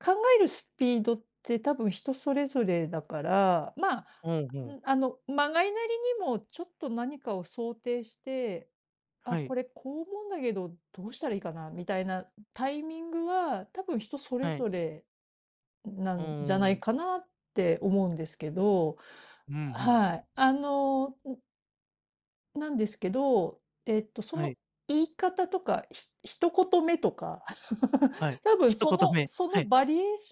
考えるスピードって多分人それぞれだから、まあ、うんうん。あの、まがいなりにもちょっと何かを想定して、あ、はい。これ、こう思うんだけど、どうしたらいいかなみたいなタイミングは、多分人それはい。ぞれなうんじゃなーいん。かなって思うんですけど、うん、ふん。はい、あの、うんなんですけど、えっと、そはの、い。言い方とか、ひ一言目とか、はい、多分一そ言の目。そはのい。バリエーシ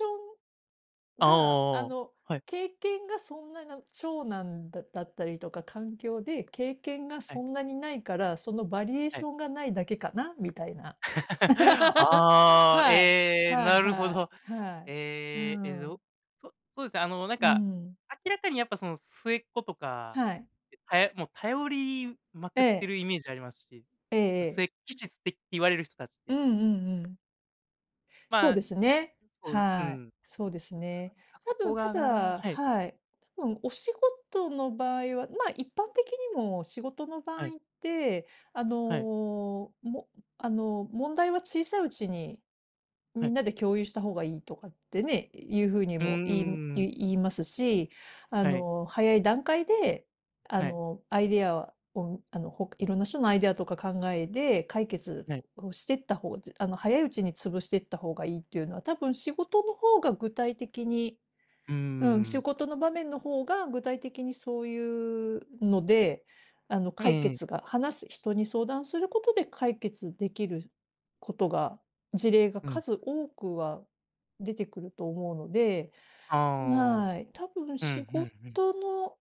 ョンあが、ああ。の、はい。経験がそんなな長男だだったりとか、環境で経験がはそい。んなにないから、そのバリエーはシい。ョンがないだけかな、みたいな。ああ、はい、ええ、はいなるほはい、ど。はい、うええ、えーぞん。そそうですね、あのなんうか、ん。明らかにやっぱその末っ子とか、はい。はやもう頼りまくってええるイメージありますし、ええま、すええ。えきちすえって言われる人たちっうて。んうんうん。そまうあ、ですね、そう、うはん。い、そうですね。なんか、そ多こ分たがなだはい。はい、多分お仕事の場合は、まあ、一般的にも仕事の場合はい。って、あはい。の、もあの、問題は小さいうちに、はみい。んなで共有した方がいいとかってね、いう風にうも言いんうん。ゆ言いますし、あはい。の、早い段階で、あはい。の、アイデアを、あの、ほかいろんな人のアイデアとか考えで解決はい。をしてった方ずあの、早いうちに潰してった方がいいっていうのは、多分仕事の方が具体的にうーうん、仕ん。事の場面の方が具体的にそういうので、あの、う解ーん。決が話す人に相談することで解決できることが、事例がうん。数多くは、出てくると思うので、ああ。はい、多分うん、仕ふん事ふん。の